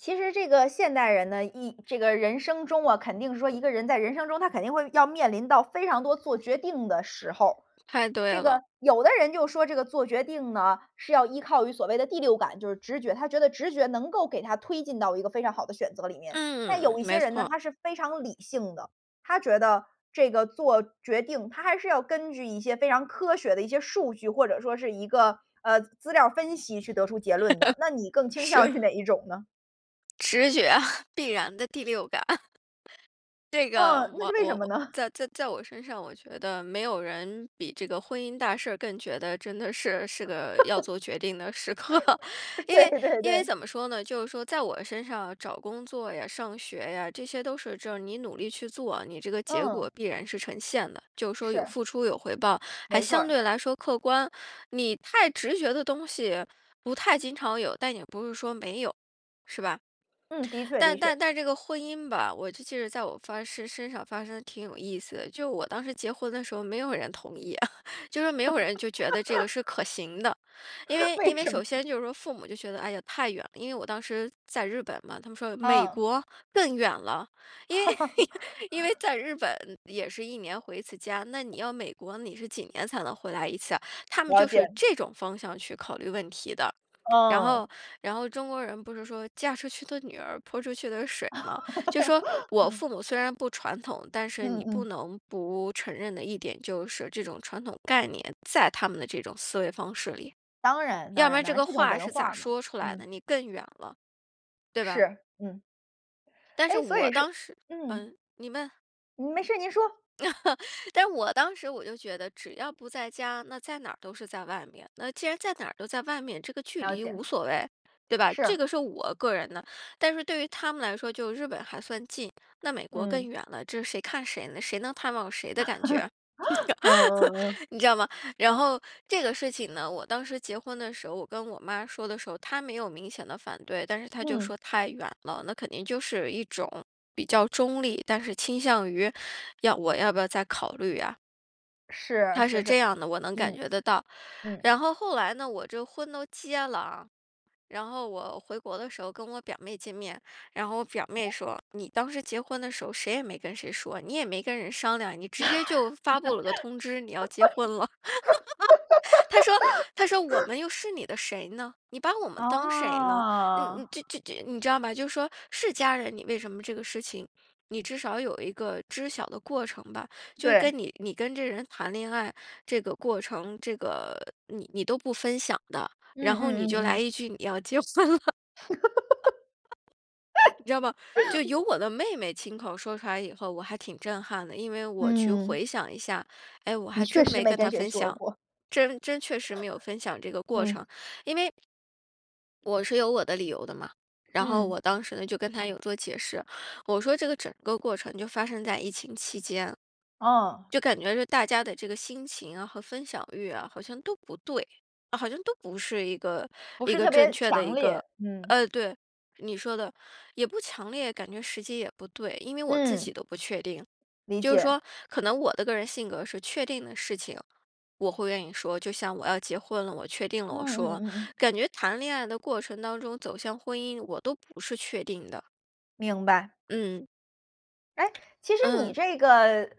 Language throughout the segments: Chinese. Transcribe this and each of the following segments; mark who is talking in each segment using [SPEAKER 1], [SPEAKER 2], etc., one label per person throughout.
[SPEAKER 1] 其实这个现代人呢，一这个人生中啊，肯定是说一个人在人生中，他肯定会要面临到非常多做决定的时候，
[SPEAKER 2] 太对
[SPEAKER 1] 这
[SPEAKER 2] 了。
[SPEAKER 1] 个，有的人就说这个做决定呢，是要依靠于所谓的第六感，就是直觉，他觉得直觉能够给他推进到一个非常好的选择里面。但
[SPEAKER 2] 嗯，
[SPEAKER 1] 有一些
[SPEAKER 2] 没
[SPEAKER 1] 人呢，
[SPEAKER 2] 错。
[SPEAKER 1] 他是非常理性的，他觉得这个做决定，他还是要根据一些非常科学的一些数据，或者说是一个，呃，资料儿分析去得出结论的，那你更 倾向
[SPEAKER 2] 是。
[SPEAKER 1] 于哪一种呢？
[SPEAKER 2] 直觉，必然的第六感。这个
[SPEAKER 1] 嗯，那
[SPEAKER 2] 我
[SPEAKER 1] 是为什
[SPEAKER 2] 我
[SPEAKER 1] 么呢？
[SPEAKER 2] 在在在我身上，我觉得没有人比这个婚姻大事儿更觉得真的是，是个要做决定的时刻。因为
[SPEAKER 1] 对对
[SPEAKER 2] 因为
[SPEAKER 1] 对。
[SPEAKER 2] 怎么说呢，就是说在我身上找工作呀、上学呀，这些都是就是你努力去做，你这个结
[SPEAKER 1] 嗯。
[SPEAKER 2] 果必然是呈现的，就是说有
[SPEAKER 1] 是。
[SPEAKER 2] 付出有回报，还
[SPEAKER 1] 没错
[SPEAKER 2] 相
[SPEAKER 1] 儿。
[SPEAKER 2] 对来说客观，你太直觉的东西不太经常有，但也不是说没有，是吧？
[SPEAKER 1] 嗯，的确，的
[SPEAKER 2] 但但
[SPEAKER 1] 确。
[SPEAKER 2] 但这个婚姻吧，我就记得在我发誓身上发生的挺有意思的，就我当时结婚的时候，没有人同意，就说没有人就觉得这个是可行的。因为 因
[SPEAKER 1] 为
[SPEAKER 2] 为
[SPEAKER 1] 什么？
[SPEAKER 2] 首先就是说父母就觉得，哎呀，太远了，因为我当时在日本嘛，他们说：“美
[SPEAKER 1] 嗯。
[SPEAKER 2] 国，更远了。”因为 因为 在日本也是1年回1次家，那你要美国，你是几年才能回来一次呀，他们
[SPEAKER 1] 了
[SPEAKER 2] 就是
[SPEAKER 1] 解。
[SPEAKER 2] 这种方向去考虑问题的。然后，
[SPEAKER 1] 嗯。
[SPEAKER 2] 然后中国人不是说“嫁出去的女儿，泼出去的水”嘛，就说我父母虽 然不传统，但是
[SPEAKER 1] 嗯
[SPEAKER 2] 你不
[SPEAKER 1] 嗯。
[SPEAKER 2] 能不承认的一点就是，这种传统概念在他们的这种思维方式里。
[SPEAKER 1] 当然，当
[SPEAKER 2] 要不
[SPEAKER 1] 然，
[SPEAKER 2] 然
[SPEAKER 1] 当
[SPEAKER 2] 这
[SPEAKER 1] 然，
[SPEAKER 2] 个
[SPEAKER 1] 这种
[SPEAKER 2] 话
[SPEAKER 1] 文
[SPEAKER 2] 是咋
[SPEAKER 1] 化嘛，
[SPEAKER 2] 说出来
[SPEAKER 1] 嗯。
[SPEAKER 2] 的，你更远了。对吧？
[SPEAKER 1] 是，嗯。
[SPEAKER 2] 但是
[SPEAKER 1] 诶，所
[SPEAKER 2] 我
[SPEAKER 1] 以说
[SPEAKER 2] 当时
[SPEAKER 1] 嗯。
[SPEAKER 2] 嗯，你问。
[SPEAKER 1] 没事儿，您说。
[SPEAKER 2] 但是我当时我就觉得，只要不在家，那在哪儿都是在外面。那既然在哪儿都在外面，这个距
[SPEAKER 1] 了
[SPEAKER 2] 离
[SPEAKER 1] 解。
[SPEAKER 2] 无所谓，对吧，这
[SPEAKER 1] 是。
[SPEAKER 2] 个是我个人的。但是对于他们来说，就日本还算近，那美国更
[SPEAKER 1] 嗯。
[SPEAKER 2] 远了，这是谁看谁呢？谁能探望谁的感觉，
[SPEAKER 1] 嗯嗯嗯。
[SPEAKER 2] 你知道吗？然后这个事情呢，我当时结婚的时候，我跟我妈说的时候，她没有明显地反对，但是她就
[SPEAKER 1] 嗯。
[SPEAKER 2] 说太远了，那肯定就是一种比较中立，但是倾向于要我要不要再考虑呀？
[SPEAKER 1] 是，
[SPEAKER 2] 她是
[SPEAKER 1] 是是，
[SPEAKER 2] 这样的，我能感
[SPEAKER 1] 嗯。
[SPEAKER 2] 觉得到。
[SPEAKER 1] 嗯。
[SPEAKER 2] 然后后来呢，我这婚都结了啊，然后我回国的时候，跟我表妹见面。然后我表妹
[SPEAKER 1] [unintelligible]
[SPEAKER 2] 说：“你当时结婚的时候，谁也没跟谁说，你也没跟人商量，你直接就发布了个通知，你要结婚了。” 她说她说：“我 们又是你的谁呢？你把我们当谁呢？你
[SPEAKER 1] 哦。
[SPEAKER 2] 你知知知你知道吗？就是说是家人你为什么这个事情，你至少有一个知晓的过程吧，就跟
[SPEAKER 1] 对。
[SPEAKER 2] 你你跟这人谈恋爱这个过程，这个你你都不分享的，
[SPEAKER 1] 嗯
[SPEAKER 2] 然后
[SPEAKER 1] 嗯
[SPEAKER 2] 你
[SPEAKER 1] 嗯
[SPEAKER 2] 就来
[SPEAKER 1] 嗯。
[SPEAKER 2] 一句你要结婚了。你知道吗？就 由我的妹妹亲口说出来以后，我还挺震撼的，因为我去
[SPEAKER 1] 嗯。
[SPEAKER 2] 回想一下，哎，我
[SPEAKER 1] 你
[SPEAKER 2] 还
[SPEAKER 1] 确
[SPEAKER 2] 真
[SPEAKER 1] 实
[SPEAKER 2] 没
[SPEAKER 1] 没
[SPEAKER 2] 跟她
[SPEAKER 1] 跟谁
[SPEAKER 2] 分
[SPEAKER 1] 说
[SPEAKER 2] 享，
[SPEAKER 1] 过。
[SPEAKER 2] 真真确实没有分享这个过
[SPEAKER 1] 嗯。
[SPEAKER 2] 程。因为 我是有我的理由的嘛，然后
[SPEAKER 1] 嗯。
[SPEAKER 2] 我当时呢，就跟她有做解释。我说这个整个过程就发生在疫情期间，
[SPEAKER 1] 哦。
[SPEAKER 2] 就感觉是大家的这个心情啊和分享欲啊，好像都不对，好像都不是一个，
[SPEAKER 1] 不
[SPEAKER 2] 一
[SPEAKER 1] 是
[SPEAKER 2] 个
[SPEAKER 1] 特
[SPEAKER 2] 正
[SPEAKER 1] 别
[SPEAKER 2] 确的
[SPEAKER 1] 强
[SPEAKER 2] 一
[SPEAKER 1] 烈，
[SPEAKER 2] 个
[SPEAKER 1] 嗯。
[SPEAKER 2] 呃，对，你说的。也不强烈，感觉时机也不对，因为我自己
[SPEAKER 1] 嗯。
[SPEAKER 2] 都不确定。
[SPEAKER 1] 理
[SPEAKER 2] 就是
[SPEAKER 1] 解。
[SPEAKER 2] 说，可能我的个人性格是确定的事情，我会愿意说，就像我要结婚了，我确定了，我
[SPEAKER 1] 嗯嗯
[SPEAKER 2] 说，
[SPEAKER 1] 嗯嗯。
[SPEAKER 2] 感觉谈恋爱的过程当中走向婚姻，我都不是确定的。
[SPEAKER 1] 明白。
[SPEAKER 2] 嗯。
[SPEAKER 1] 哎，其实
[SPEAKER 2] 嗯。
[SPEAKER 1] 你这个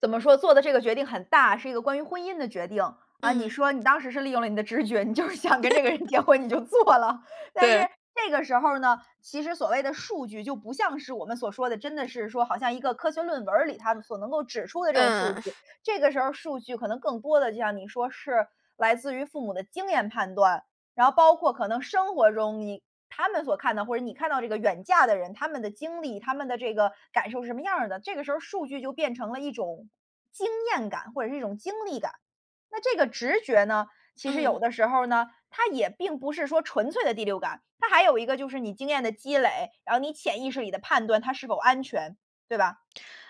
[SPEAKER 1] 怎么说，做的这个决定很大，是一个关于婚姻的决定。啊，你
[SPEAKER 2] 嗯。
[SPEAKER 1] 说你当时是利用了你的直觉，你就是想跟这个人结 婚你就做了，但是
[SPEAKER 2] 对。
[SPEAKER 1] 这个时候呢，其实所谓的数据就不像是我们所说的，真的是说好像一个科学论文儿里它所能够指出的这种数据。
[SPEAKER 2] 嗯。
[SPEAKER 1] 这个时候儿数据可能更多地就像你说是来自于父母的经验判断。然后包括可能生活中你他们所看到，或者你看到这个远嫁的人，他们的经历，他们的这个感受是什么样儿的，这个时候数据就变成了一种经验感，或者是一种经历感。那这个直觉呢，其实
[SPEAKER 2] 嗯。
[SPEAKER 1] 有的时候呢，它也并不是说纯粹的第六感，它还有一个就是你经验的积累，然后你潜意识里的判断，它是否安全，对吧。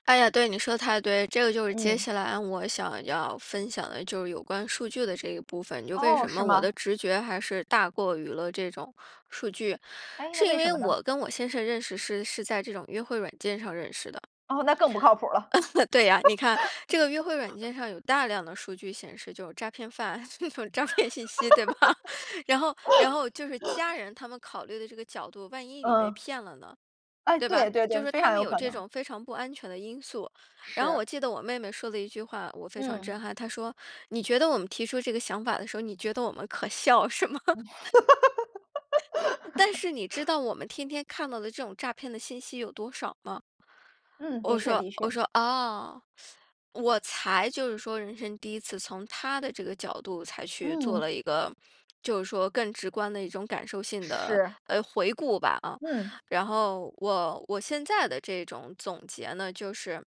[SPEAKER 2] 哎呀，对，你说的太对。这个就是接
[SPEAKER 1] 嗯。
[SPEAKER 2] 下来我想要分享的就是有关数据的这一部分，就为
[SPEAKER 1] 哦，
[SPEAKER 2] 什
[SPEAKER 1] 是
[SPEAKER 2] 么我的
[SPEAKER 1] 吗？
[SPEAKER 2] 直觉还是大过于了这种数据。
[SPEAKER 1] 哎，那
[SPEAKER 2] 是因
[SPEAKER 1] 为什
[SPEAKER 2] 为
[SPEAKER 1] 么呢？
[SPEAKER 2] 我跟我先生认识是，是在这种约会软件上认识的。
[SPEAKER 1] 哦，那更不靠谱儿了。
[SPEAKER 2] 对呀，你看，这个约会软件上 有大量的数据显示，就是诈骗犯，那种诈骗信息对吧。然后然后就是家 人他们考虑的这个角度，万一你被
[SPEAKER 1] 嗯。
[SPEAKER 2] 骗了呢，
[SPEAKER 1] 诶，
[SPEAKER 2] 对吧。
[SPEAKER 1] 对对
[SPEAKER 2] 就
[SPEAKER 1] 对，
[SPEAKER 2] 是
[SPEAKER 1] 非
[SPEAKER 2] 他
[SPEAKER 1] 常
[SPEAKER 2] 们
[SPEAKER 1] 有
[SPEAKER 2] 有
[SPEAKER 1] 可
[SPEAKER 2] 这
[SPEAKER 1] 能。
[SPEAKER 2] 种非常不安全的因素，然后我
[SPEAKER 1] 是。
[SPEAKER 2] 记得我妹妹说的一句话，我非常
[SPEAKER 1] 嗯。
[SPEAKER 2] 震撼。她说：“你觉得我们提出这个想法的时候，你觉得我们可笑是吗？” 但是你知 道我们天天看到的这种诈骗的信息有多少吗？
[SPEAKER 1] 嗯，的
[SPEAKER 2] 我
[SPEAKER 1] 确，
[SPEAKER 2] 说
[SPEAKER 1] 的
[SPEAKER 2] 我
[SPEAKER 1] 确。
[SPEAKER 2] 说：“啊。” 我才就是说人生第1次从她的这个角度才去做
[SPEAKER 1] 嗯。
[SPEAKER 2] 了一个，就是说更直观的一种感受性的，
[SPEAKER 1] 是。
[SPEAKER 2] 呃，回顾吧，啊。
[SPEAKER 1] 嗯。
[SPEAKER 2] 然后我我现在的这种总结呢，就是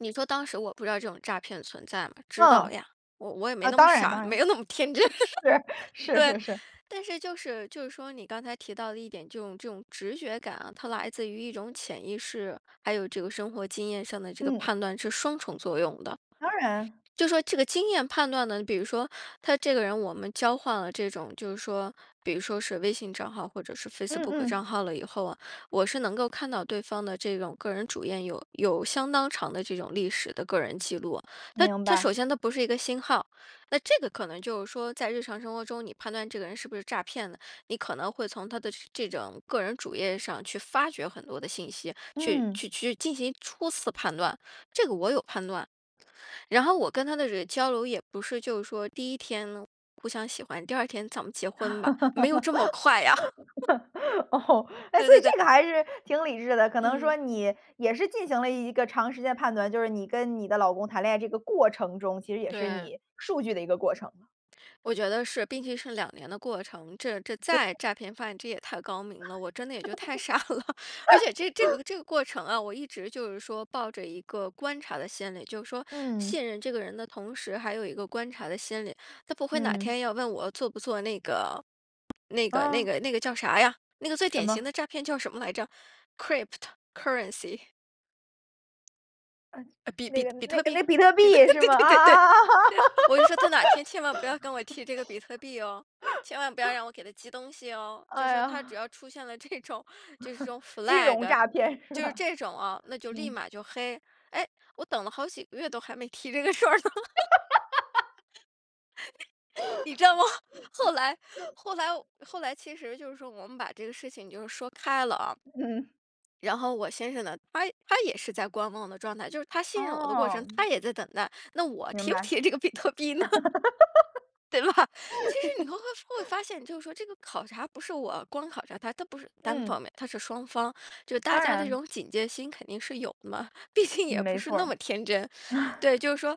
[SPEAKER 2] 你说当时我不知道这种诈骗存在吗？知道
[SPEAKER 1] 嗯。
[SPEAKER 2] 呀。我我也没
[SPEAKER 1] 啊，
[SPEAKER 2] 那么
[SPEAKER 1] 当然，
[SPEAKER 2] 傻，
[SPEAKER 1] 当
[SPEAKER 2] 没
[SPEAKER 1] 然。
[SPEAKER 2] 有那么天真。
[SPEAKER 1] 是，是
[SPEAKER 2] 对，
[SPEAKER 1] 是是。
[SPEAKER 2] 但是就是就是说你刚才提到的一点，这种这种直觉感啊，它来自于一种潜意识，还有这个生活经验上的这个
[SPEAKER 1] 嗯。
[SPEAKER 2] 判断是双重作用的。
[SPEAKER 1] 当然。
[SPEAKER 2] 就说这个经验判断呢？比如说他这个人我们交换了这种，就是说比如说是微信账号或者是
[SPEAKER 1] 嗯
[SPEAKER 2] Facebook
[SPEAKER 1] 嗯。
[SPEAKER 2] 账号了以后啊，我是能够看到对方的这种个人主页有有相当长的这种历史的个人记录，它
[SPEAKER 1] 明
[SPEAKER 2] 它
[SPEAKER 1] 白。
[SPEAKER 2] 首先它不是一个新号。那这个可能就是说在日常生活中，你判断这个人是不是诈骗的，你可能会从他的这这种个人主页上去发掘很多的信息，去，
[SPEAKER 1] 嗯。
[SPEAKER 2] 去去进行初次判断，这个我有判断。然后我跟他的这个交流也不是就是说第1天呢，互相喜欢，第2天咱们结婚吧，没有这么快呀。
[SPEAKER 1] 哦。诶，
[SPEAKER 2] 对
[SPEAKER 1] 所
[SPEAKER 2] 对
[SPEAKER 1] 以
[SPEAKER 2] 对。
[SPEAKER 1] 这个还是挺理智的，可能说
[SPEAKER 2] 嗯。
[SPEAKER 1] 你也是进行了一个长时间的判断，就是你跟你的老公谈恋爱这个过程中，其实也是
[SPEAKER 2] 对。
[SPEAKER 1] 你数据的一个过程嘛。
[SPEAKER 2] 我觉得是，并且是2年的过程，这这
[SPEAKER 1] 对。
[SPEAKER 2] 再诈骗犯这也太高明了，我真的也就太傻了。而且这这 个这个过程啊，我一直就是说抱着一个观察的心理，就是说
[SPEAKER 1] 嗯。
[SPEAKER 2] 信任这个人的同时，还有一个观察的心理。他不会哪
[SPEAKER 1] 嗯。
[SPEAKER 2] 天要问我做不做那个，那个，那
[SPEAKER 1] 啊。
[SPEAKER 2] 个那个叫啥呀，那个最
[SPEAKER 1] 什
[SPEAKER 2] 典型
[SPEAKER 1] 么？
[SPEAKER 2] 的诈骗叫什么来着？cryptocurrency。呃，比
[SPEAKER 1] 那
[SPEAKER 2] 比
[SPEAKER 1] 个
[SPEAKER 2] 比
[SPEAKER 1] 那
[SPEAKER 2] 特币，
[SPEAKER 1] 那比特币
[SPEAKER 2] 比
[SPEAKER 1] 也
[SPEAKER 2] 特
[SPEAKER 1] 是
[SPEAKER 2] 对
[SPEAKER 1] 吗？
[SPEAKER 2] 对对对。
[SPEAKER 1] 啊？
[SPEAKER 2] 我就说他哪天千万不要跟我 提这个比特币哦，千万不要让我给他寄东西哦，就
[SPEAKER 1] 哎
[SPEAKER 2] 说他只
[SPEAKER 1] 呀。
[SPEAKER 2] 要出现了这种，就是这种
[SPEAKER 1] 金融
[SPEAKER 2] flag。
[SPEAKER 1] 诈骗是
[SPEAKER 2] 就是
[SPEAKER 1] 吧？
[SPEAKER 2] 这种哦，那就立
[SPEAKER 1] 嗯。
[SPEAKER 2] 马就黑，哎，我等了好几个月都还没提这个事儿呢。你知道吗，后来后来我后来其实就是说我们把这个事情就是说开了啊。
[SPEAKER 1] 嗯。
[SPEAKER 2] 然后我先生呢，他他也是在观望的状态，就是他信任我的过程，
[SPEAKER 1] 哦。
[SPEAKER 2] 他也在等待，那我
[SPEAKER 1] 明
[SPEAKER 2] 提不
[SPEAKER 1] 白。
[SPEAKER 2] 提这个比特币呢？对吧。其实你会会发现就是说这个考察不是我光考察他，它不是单
[SPEAKER 1] 嗯。
[SPEAKER 2] 方面，它是双方。就是大
[SPEAKER 1] 当
[SPEAKER 2] 家这
[SPEAKER 1] 然。
[SPEAKER 2] 种警戒心肯定是有的嘛，毕竟
[SPEAKER 1] 嗯
[SPEAKER 2] 也不
[SPEAKER 1] 没
[SPEAKER 2] 是
[SPEAKER 1] 错
[SPEAKER 2] 那
[SPEAKER 1] 儿。
[SPEAKER 2] 么天真。对，就是说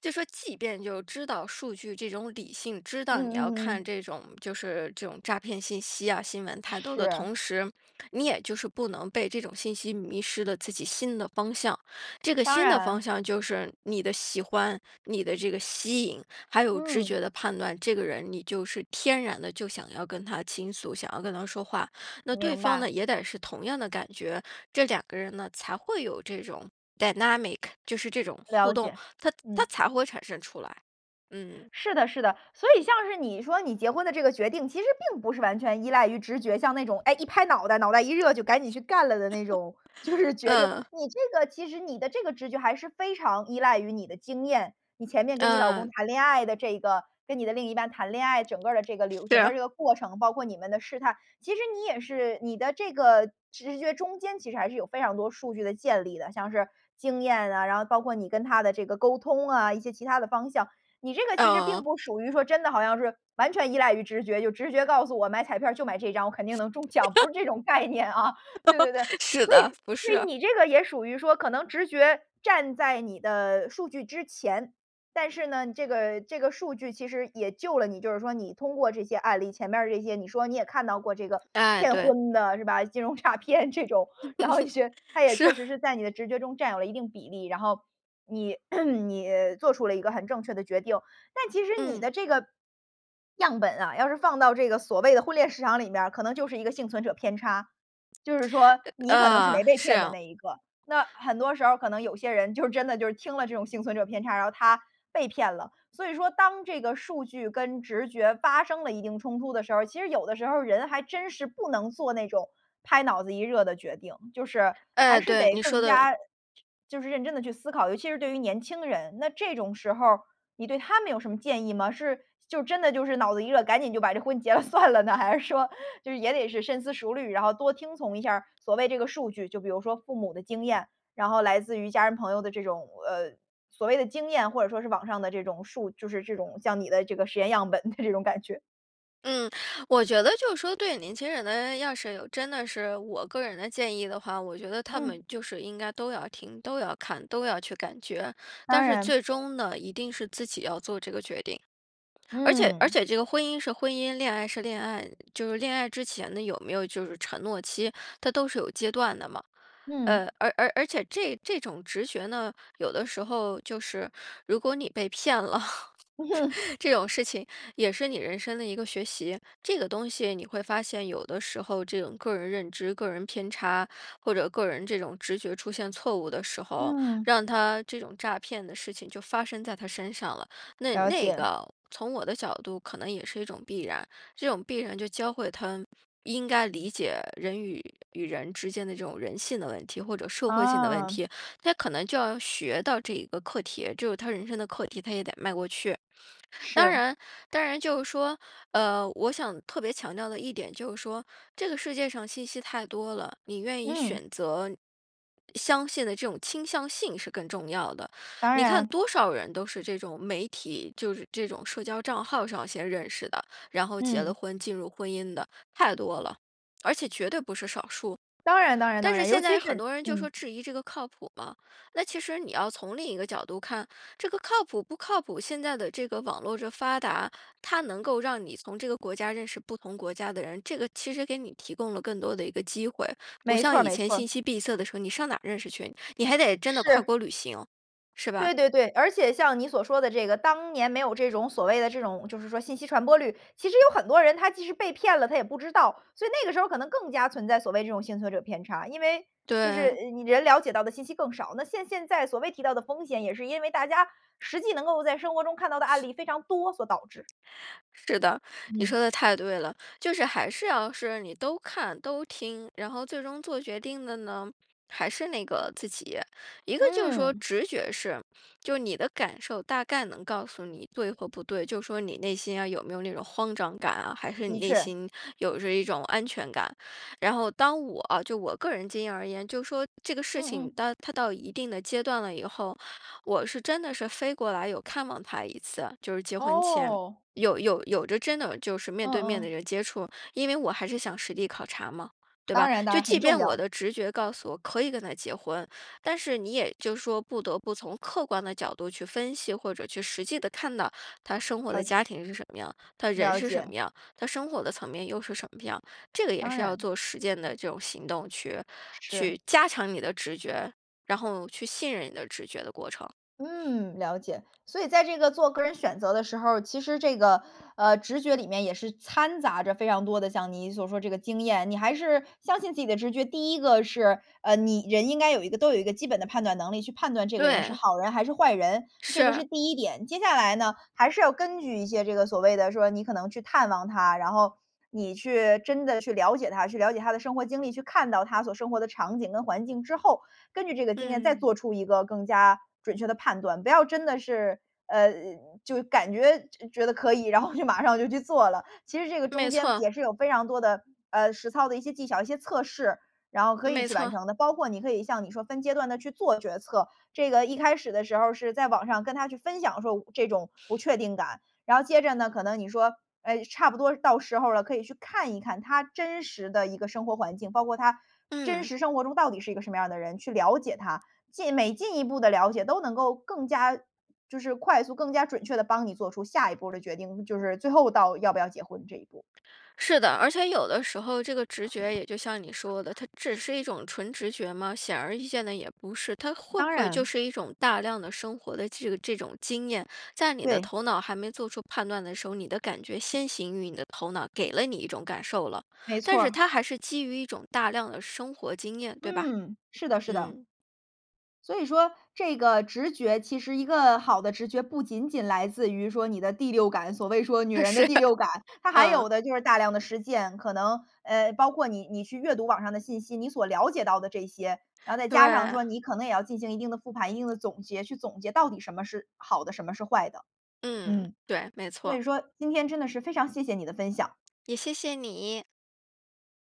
[SPEAKER 2] 就说即便就知道数据这种理性，知
[SPEAKER 1] 嗯
[SPEAKER 2] 道你要
[SPEAKER 1] 嗯嗯
[SPEAKER 2] 看
[SPEAKER 1] 嗯。
[SPEAKER 2] 这种就是这种诈骗信息啊，新闻太多的
[SPEAKER 1] 是。
[SPEAKER 2] 同时，你也就是不能被这种信息迷失了自己心的方向。这个
[SPEAKER 1] 当
[SPEAKER 2] 心的方
[SPEAKER 1] 然。
[SPEAKER 2] 向就是你的喜欢，你的这个吸引，还有直
[SPEAKER 1] 嗯。
[SPEAKER 2] 觉的判断，这个人你就是天然地就想要跟他倾诉，想要跟他说话。那对
[SPEAKER 1] 明
[SPEAKER 2] 方
[SPEAKER 1] 白。
[SPEAKER 2] 呢，也得是同样的感觉，这两个人呢，才会有这种 dynamic，就是这种互
[SPEAKER 1] 了
[SPEAKER 2] 动，
[SPEAKER 1] 解，
[SPEAKER 2] 它它
[SPEAKER 1] 嗯。
[SPEAKER 2] 才会产生出来，嗯。
[SPEAKER 1] 是的，是的，所以像是你说你结婚的这个决定其实并不是完全依赖于直觉，像那种，哎，一拍脑袋，脑袋一热就赶紧去干了的那种，就是决定。
[SPEAKER 2] 嗯。
[SPEAKER 1] 你这个其实你的这个直觉还是非常依赖于你的经验，你前面跟你老公
[SPEAKER 2] 嗯。
[SPEAKER 1] 谈恋爱的这个，跟你的另一半谈恋爱，整个的这个流
[SPEAKER 2] 是
[SPEAKER 1] 整个
[SPEAKER 2] 啊。
[SPEAKER 1] 这个过程，包括你们的试探。其实你也是你的这个直觉中间其实还是有非常多数据的建立的，像是经验啊，然后包括你跟他的这个沟通啊，一些其他的方向。你这个其实
[SPEAKER 2] 嗯。
[SPEAKER 1] 并不属于说真的好像是完全依赖于直觉，就直觉告诉我买彩票儿就买这张，我肯定能中奖，不是这种概念啊。对对对，
[SPEAKER 2] 是
[SPEAKER 1] 所
[SPEAKER 2] 的，
[SPEAKER 1] 以
[SPEAKER 2] 不
[SPEAKER 1] 所以
[SPEAKER 2] 是。
[SPEAKER 1] 你这个也属于说可能直觉站在你的数据之前，但是呢，这个这个数据其实也救了你，就是说你通过这些案例，前边儿这些你说你也看到过这个
[SPEAKER 2] 哎，
[SPEAKER 1] 骗
[SPEAKER 2] 对。
[SPEAKER 1] 婚的是吧，金融诈骗这种。然后 是它也
[SPEAKER 2] 是
[SPEAKER 1] 确
[SPEAKER 2] 啊。
[SPEAKER 1] 实是在你的直觉中占有了一定比例，然后你 你做出了一个很正确的决定。但其实你
[SPEAKER 2] 嗯。
[SPEAKER 1] 的这个样本啊，要是放到这个所谓的婚恋市场里面儿，可能就是一个幸存者偏差。就是说你可能是没
[SPEAKER 2] 啊，
[SPEAKER 1] 被
[SPEAKER 2] 是
[SPEAKER 1] 骗的
[SPEAKER 2] 啊。
[SPEAKER 1] 那一个，那很多时候可能有些人就真的就是听了这种幸存者偏差，然后他被骗了。所以说当这个数据跟直觉发生了一定冲突的时候儿，其实有的时候儿人还真是不能做那种拍脑子一热的决定。就是还
[SPEAKER 2] 哎，
[SPEAKER 1] 是
[SPEAKER 2] 对，
[SPEAKER 1] 得
[SPEAKER 2] 你说
[SPEAKER 1] 更
[SPEAKER 2] 的
[SPEAKER 1] 加就就是认真地去思考，尤其是对于年轻人，那这种时候儿你对他们有什么建议吗？是就真的就是脑子一热，赶紧就把这婚结了算了呢？还是说就是也得是深思熟虑，然后多听从一下儿所谓这个数据，就比如说父母的经验，然后来自于家人朋友的这种，呃，所谓的经验，或者说是网上的这种数就是这种像你的这个实验样本的这种感觉。
[SPEAKER 2] 嗯。我觉得就是说对年轻人呢，要是有真的是我个人的建议的话，我觉得他
[SPEAKER 1] 嗯。
[SPEAKER 2] 们就是应该都要听，都要看，都要去感觉，但
[SPEAKER 1] 当
[SPEAKER 2] 是
[SPEAKER 1] 然。
[SPEAKER 2] 最终呢，一定是自己要做这个决定。而且而
[SPEAKER 1] 嗯。
[SPEAKER 2] 且这个婚姻是婚姻，恋爱是恋爱，就是恋爱之前呢，有没有就是承诺期，它都是有阶段的嘛。
[SPEAKER 1] 嗯。
[SPEAKER 2] 呃，而而而且这这种直觉呢，有的时候就是，如果你被骗了，
[SPEAKER 1] 嗯。
[SPEAKER 2] 这种事情也是你人生的一个学习。这个东西你会发现，有的时候这种个人认知，个人偏差，或者个人这种直觉出现错误的时候，
[SPEAKER 1] 嗯。
[SPEAKER 2] 让它这种诈骗的事情就发生在他身上了，那
[SPEAKER 1] 了
[SPEAKER 2] 那
[SPEAKER 1] 解。
[SPEAKER 2] 个从我的角度可能也是一种必然。这种必然就教会他应该理解人与与人之间的这种人性的问题，或者社会性的问
[SPEAKER 1] 啊。
[SPEAKER 2] 题。他可能就要学到这一个课题，就是他人生的课题，他也得迈过去。当
[SPEAKER 1] 是。
[SPEAKER 2] 然当然就是说，呃，我想特别强调的一点就是说，这个世界上信息太多了，你愿意
[SPEAKER 1] 嗯。
[SPEAKER 2] 选择相信的这种倾向性是更重要的。
[SPEAKER 1] 当
[SPEAKER 2] 你看
[SPEAKER 1] 然。
[SPEAKER 2] 多少人都是这种媒体，就是这种社交账号上先认识的，然后结了
[SPEAKER 1] 嗯。
[SPEAKER 2] 婚，进入婚姻的，太多了，而且绝对不是少数。
[SPEAKER 1] 当然当然
[SPEAKER 2] 但
[SPEAKER 1] 当
[SPEAKER 2] 是
[SPEAKER 1] 然，尤
[SPEAKER 2] 现
[SPEAKER 1] 其
[SPEAKER 2] 在很
[SPEAKER 1] 是
[SPEAKER 2] 多人就说
[SPEAKER 1] 嗯。
[SPEAKER 2] 质疑这个靠谱吗？那其实你要从另一个角度看，这个靠谱不靠谱，现在的这个网络这发达，它能够让你从这个国家认识不同国家的人，这个其实给你提供了更多的一个机会，不
[SPEAKER 1] 没错
[SPEAKER 2] 像
[SPEAKER 1] 儿，
[SPEAKER 2] 以
[SPEAKER 1] 没
[SPEAKER 2] 前
[SPEAKER 1] 错儿。
[SPEAKER 2] 信息闭塞的时候，你上哪儿认识去，你还得真的跨
[SPEAKER 1] 是。
[SPEAKER 2] 国旅行，是吧？
[SPEAKER 1] 对对对，而且像你所说的这个，当年没有这种，所谓的这种就是说信息传播率，其实有很多人他即使被骗了，他也不知道。所以那个时候可能更加存在所谓这种幸存者偏差，因为就是，
[SPEAKER 2] 对。
[SPEAKER 1] 呃，你人了解到的信息更少，那现现在所谓提到的风险，也是因为大家实际能够在生活中看到的案例非常多所导致。
[SPEAKER 2] 是的，你
[SPEAKER 1] 嗯。
[SPEAKER 2] 说的太对了。就是还是要是你都看、都听，然后最终做决定的呢，还是那个自己。一个就是说
[SPEAKER 1] 嗯。
[SPEAKER 2] 直觉是，就是你的感受大概能告诉你对或不对，就说你内心呀，有没有那种慌张感啊，还是你
[SPEAKER 1] 的
[SPEAKER 2] 内
[SPEAKER 1] 确。
[SPEAKER 2] 心有着一种安全感。然后当我啊就我个人经验而言，就说这个事
[SPEAKER 1] 嗯，
[SPEAKER 2] 情
[SPEAKER 1] 嗯。
[SPEAKER 2] 它它到一定的阶段了以后，我是真的是飞过来有看望他一次，就是结婚前，
[SPEAKER 1] 哦。
[SPEAKER 2] 有有有着真的就是面
[SPEAKER 1] 嗯，
[SPEAKER 2] 对面的
[SPEAKER 1] 嗯。
[SPEAKER 2] 人接触，因为我还是想实地考察嘛，对
[SPEAKER 1] 当
[SPEAKER 2] 吧？
[SPEAKER 1] 然，当
[SPEAKER 2] 就
[SPEAKER 1] 然，
[SPEAKER 2] 即
[SPEAKER 1] 很重
[SPEAKER 2] 便我
[SPEAKER 1] 要。
[SPEAKER 2] 的直觉告诉我可以跟他结婚，但是你也就说不得不从客观的角度去分析，或者去实际地看到他生活的
[SPEAKER 1] 他
[SPEAKER 2] 家庭是什么样？他人
[SPEAKER 1] 了
[SPEAKER 2] 是什
[SPEAKER 1] 解。
[SPEAKER 2] 么样？他生活的层面又是什么样？这个也
[SPEAKER 1] 当
[SPEAKER 2] 是要
[SPEAKER 1] 然。
[SPEAKER 2] 做实践的这种行动去
[SPEAKER 1] 是。
[SPEAKER 2] 去加强你的直觉，然后去信任你的直觉的过程。
[SPEAKER 1] 嗯，了解。所以在这个做个人选择的时候，其实这个，呃，直觉里面也是掺杂着非常多的像你所说这个经验，你还是相信自己的直觉。第1个是，呃，你人应该有一个都有一个基本的判断能力去判断这个人是
[SPEAKER 2] 对。
[SPEAKER 1] 好人还是坏人，这个
[SPEAKER 2] 是。
[SPEAKER 1] 是第1点。接下来呢，还是要根据一些这个所谓的说，你可能去探望他，然后你去真的去了解他，去了解他的生活经历，去看到他所生活的场景跟环境之后，根据这个经验再
[SPEAKER 2] 嗯。
[SPEAKER 1] 做出一个更加准确的判断，不要真的是，呃，就感觉觉得可以，然后就马上就去做了。其实这个中
[SPEAKER 2] 没
[SPEAKER 1] 间
[SPEAKER 2] 错。
[SPEAKER 1] 也是有非常多的，呃，实操的一些技巧，一些测试，然后可以
[SPEAKER 2] 没
[SPEAKER 1] 去完
[SPEAKER 2] 错。
[SPEAKER 1] 成的，包括你可以像你说分阶段地去做决策。这个一开始的时候是在网上跟他去分享说这种不确定感，然后接着呢，可能你说，哎，差不多到时候了，可以去看一看他真实的一个生活环境，包括他真
[SPEAKER 2] 嗯。
[SPEAKER 1] 实生活中到底是一个什么样的人，去了解他。进每进一步的了解，都能够更加就是快速更加准确地帮你做出下一步的决定，就是最后到要不要结婚这一步。
[SPEAKER 2] 是的。而且有的时候这个直觉也就像你说的，它只是一种纯直觉吗？显而易见的也不是。它会
[SPEAKER 1] 当
[SPEAKER 2] 不会就
[SPEAKER 1] 然。
[SPEAKER 2] 是一种大量的生活的这个这种经验，在你的
[SPEAKER 1] 对。
[SPEAKER 2] 头脑还没做出判断的时候，你的感觉先行于你的头脑，给了你一种感受了，
[SPEAKER 1] 没
[SPEAKER 2] 但
[SPEAKER 1] 错
[SPEAKER 2] 是
[SPEAKER 1] 儿。
[SPEAKER 2] 它还是基于一种大量的生活经验，对吧？
[SPEAKER 1] 嗯，是的，是的。
[SPEAKER 2] 嗯。
[SPEAKER 1] 所以说这个直觉其实一个好的直觉，不仅仅来自于说你的第六感，所谓说女
[SPEAKER 2] 它
[SPEAKER 1] 人的
[SPEAKER 2] 是。
[SPEAKER 1] 第六感，它还有
[SPEAKER 2] 嗯。
[SPEAKER 1] 的就是大量的实践，可能，呃，包括你，你去阅读网上的信息，你所了解到的这些，然后再加上
[SPEAKER 2] 对。
[SPEAKER 1] 说你可能也要进行一定的复盘、一定的总结，去总结到底什么是好的，什么是坏的。
[SPEAKER 2] 嗯。
[SPEAKER 1] 嗯，
[SPEAKER 2] 对，没
[SPEAKER 1] 所以
[SPEAKER 2] 错。
[SPEAKER 1] 说今天真的是非常谢谢你的分享。
[SPEAKER 2] 也谢谢你。